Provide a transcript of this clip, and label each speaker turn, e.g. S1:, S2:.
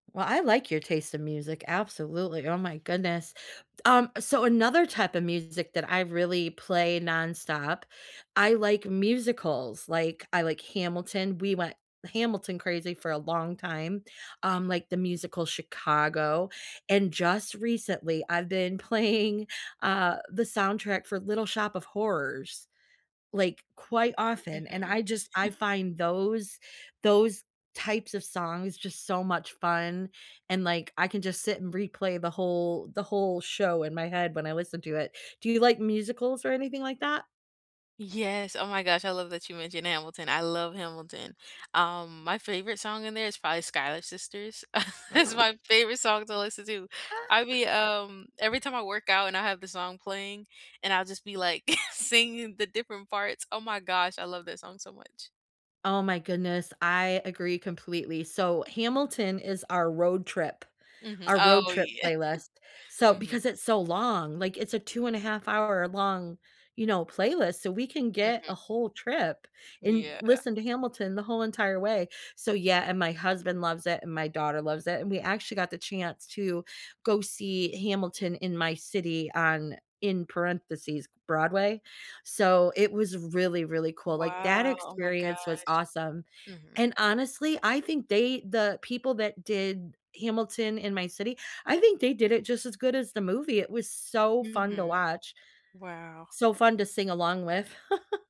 S1: Well, I like your taste of music, absolutely, oh my goodness. D um, so, another type of music that I really play nonstop, I like musicals, like, I like Hamilton. We went Hamilton-crazy for a long time. Um, like the musical Chicago, and just recently, I've been playing, uh, the soundtrack for Little Shop of Horrors, like, quite often, and
S2: Mhm.
S1: I just I find those those types of songs just so much fun, and, like, I can just sit and replay the whole the whole show in my head when I listen to it. Do you like musicals or anything like that?
S2: Yes, oh my gosh, I love that you mentioned Hamilton. I love Hamilton. Um, my favorite song in there is probably "Schuyler Sisters." It's my favorite song, eh, to listen to. I
S1: Ah.
S2: mean, um, every time I work out, and I have the song playing, and I'll just be, like, singing the different parts. Oh my gosh, I love that song so much.
S1: Oh, my goodness, I agree completely. So, Hamilton is our road trip
S2: Mhm.
S1: our road
S2: Oh,
S1: trip
S2: yeah.
S1: playlist, so
S2: Mhm.
S1: because it's so long. Like, it's a two-and-a-half-hour-long, you know, playlist, so we can get a
S2: Mhm.
S1: whole trip and
S2: Yeah.
S1: listen to Hamilton the whole entire way. So, yeah and my husband loves it, and my daughter loves it, and we actually got the chance to go see Hamilton in my city on in parentheses, Broadway, so, it was really, really cool, like that
S2: Wow, oh my gosh.
S1: experience was awesome.
S2: Mhm.
S1: And honestly, I think they the people that did Hamilton in my city, I think they did it just as good as the movie, it was so fun to
S2: Mhm.
S1: watch.
S2: Wow.
S1: So fun to sing along with.